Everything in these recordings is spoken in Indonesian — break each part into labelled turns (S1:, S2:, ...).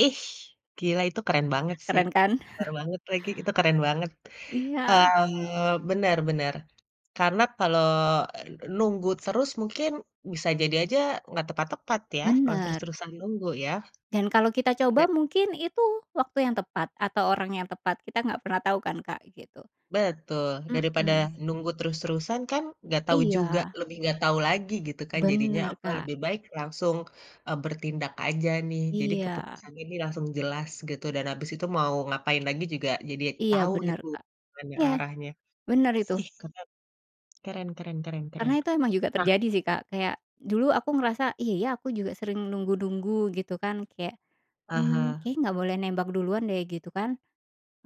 S1: Ih, gila itu keren banget sih.
S2: Keren kan?
S1: Benar banget lagi, itu keren banget,
S2: Iya.
S1: eee, benar-benar. Karena kalau nunggu terus, mungkin bisa jadi aja nggak tepat-tepat ya? Kalau
S2: Benar.
S1: terus-terusan nunggu, ya.
S2: Dan kalau kita
S1: De
S2: coba mungkin itu waktu yang tepat atau orang yang tepat. Kita nggak pernah tahu kan, Kak, gitu.
S1: Betul. Daripada
S2: Mmm.
S1: nunggu terus-terusan kan nggak tahu juga,
S2: Iya.
S1: lebih nggak tahu lagi gitu kan jadinya
S2: Benar,
S1: apa
S2: Kak.
S1: lebih baik langsung, eee, bertindak aja nih, jadi
S2: Iya.
S1: keputusannya ini langsung jelas gitu, dan habis itu mau ngapain lagi juga jadi
S2: Iya
S1: tahu
S2: benar,
S1: gitu
S2: Kak.
S1: mana
S2: Iya,
S1: arahnya.
S2: benar itu.
S1: Ih, keren. Keren keren keren keren.
S2: Karena itu memang juga
S1: Nah
S2: terjadi sih, Kak. Kayak dulu aku ngerasa, "Iya ya, aku juga sering nunggu-nunggu," gitu kan, kayak, "Mmm,
S1: Aha.
S2: kayaknya nggak boleh nembak duluan deh," gitu kan.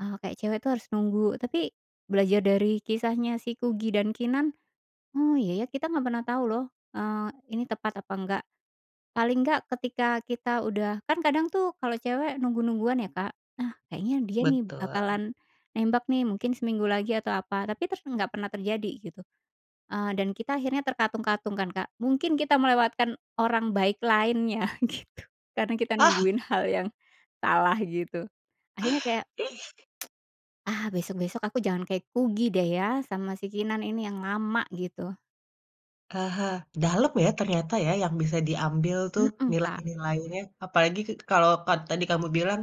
S2: Eee, kayak cewek tuh harus nunggu. Tapi belajar dari kisahnya si Kugy dan Keenan, "Oh iya ya, kita nggak pernah tahu loh, eee, ini tepat apa enggak." Paling enggak ketika kita udah kan kadang tuh kalau cewek nunggu-nungguan ya, Kak, "Ah, kayaknya dia nih
S1: Betul.
S2: bakalan nembak nih mungkin seminggu lagi, atau apa," tapi ter nggak pernah terjadi gitu. Eee, dan kita akhirnya terkatung-katung kan, Kak? Mungkin kita melewatkan orang baik lainnya gitu. Karena kita
S1: Ah.
S2: nungguin hal yang salah gitu. Akhirnya kayak,
S1: Ih.
S2: "Ah, besok-besok aku jangan kayak Kugy deh ya sama si Keenan ini, yang lama," gitu.
S1: Aha. Dalam ya ternyata, ya, yang bisa diambil tuh
S2: Hmm, Kak.
S1: nilai-nilainya. Apalagi k kalau ka tadi kamu bilang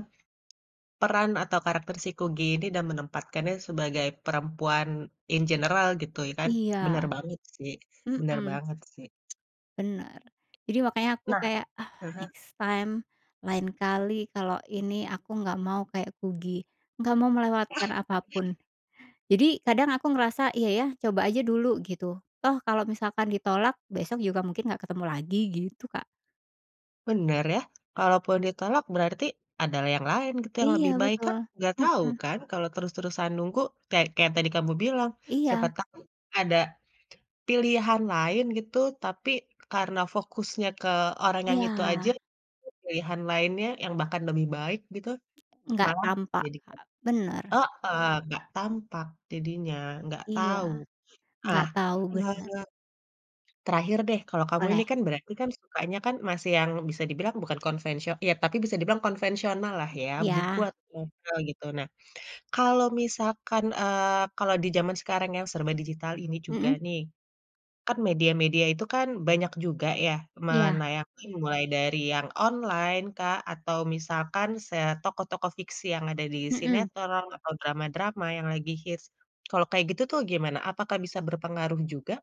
S1: peran atau karakter si Kugy ini dan menempatkannya sebagai perempuan in general gitu ya kan. Benar
S2: Iya,
S1: banget sih benar
S2: mmm.
S1: banget sih.
S2: Benar. Jadi makanya aku
S1: Nah
S2: kayak, "Ah,
S1: heeh.
S2: next time, lain kali kalau ini aku nggak mau kayak Kugy, nggak mau
S1: Ah,
S2: melewatkan apa pun."
S1: bener.
S2: Jadi kadang aku ngerasa, "Iya ya, coba aja dulu," gitu. "Toh kalau misalkan ditolak, besok juga mungkin nggak ketemu lagi," gitu, Kak.
S1: Benar ya. Kalaupun ditolak, berarti ada yang lain gitu, yang
S2: Iya
S1: lebih baik. Kan
S2: betul,
S1: nggak tahu
S2: hmm.
S1: kan kalau terus-terusan nunggu, kayak kayak tadi kamu bilang, siapa
S2: Iya.
S1: tahu ada pilihan lain gitu, tapi karena fokusnya ke orang yang itu aja,
S2: Iya.
S1: jadi pilihan lainnya yang bahkan lebih baik gitu
S2: Nggak
S1: malah
S2: tampak,
S1: jadi kayak
S2: Kak. Benar.
S1: heeh, nggak tampak jadinya, nggak
S2: Iya.
S1: tahu.
S2: Nggak
S1: Nah,
S2: tau,
S1: bener
S2: benar.
S1: bener. Terakhir deh, kalau kamu ini
S2: Boleh.
S1: kan berarti kan sukanya kan masih yang bisa dibilang bukan konvensio ya, tapi bisa dibilang konvensionallah
S2: Mmm.
S1: ya, buku
S2: Iya.
S1: atau jurnal gitu. Nah, kalau misalkan eee, kalau di zaman sekarang yang serba digital ini juga
S2: Hmm.
S1: nih, kan media-media itu kan banyak juga ya
S2: Iya.
S1: menayangkan mulai dari yang online, Kak, atau misalkan se tokoh-tokoh fiksi yang ada di
S2: Hmm.
S1: sinetron atau drama-drama yang lagi hits, kalau kayak gitu tuh gimana? Apakah bisa berpengaruh juga?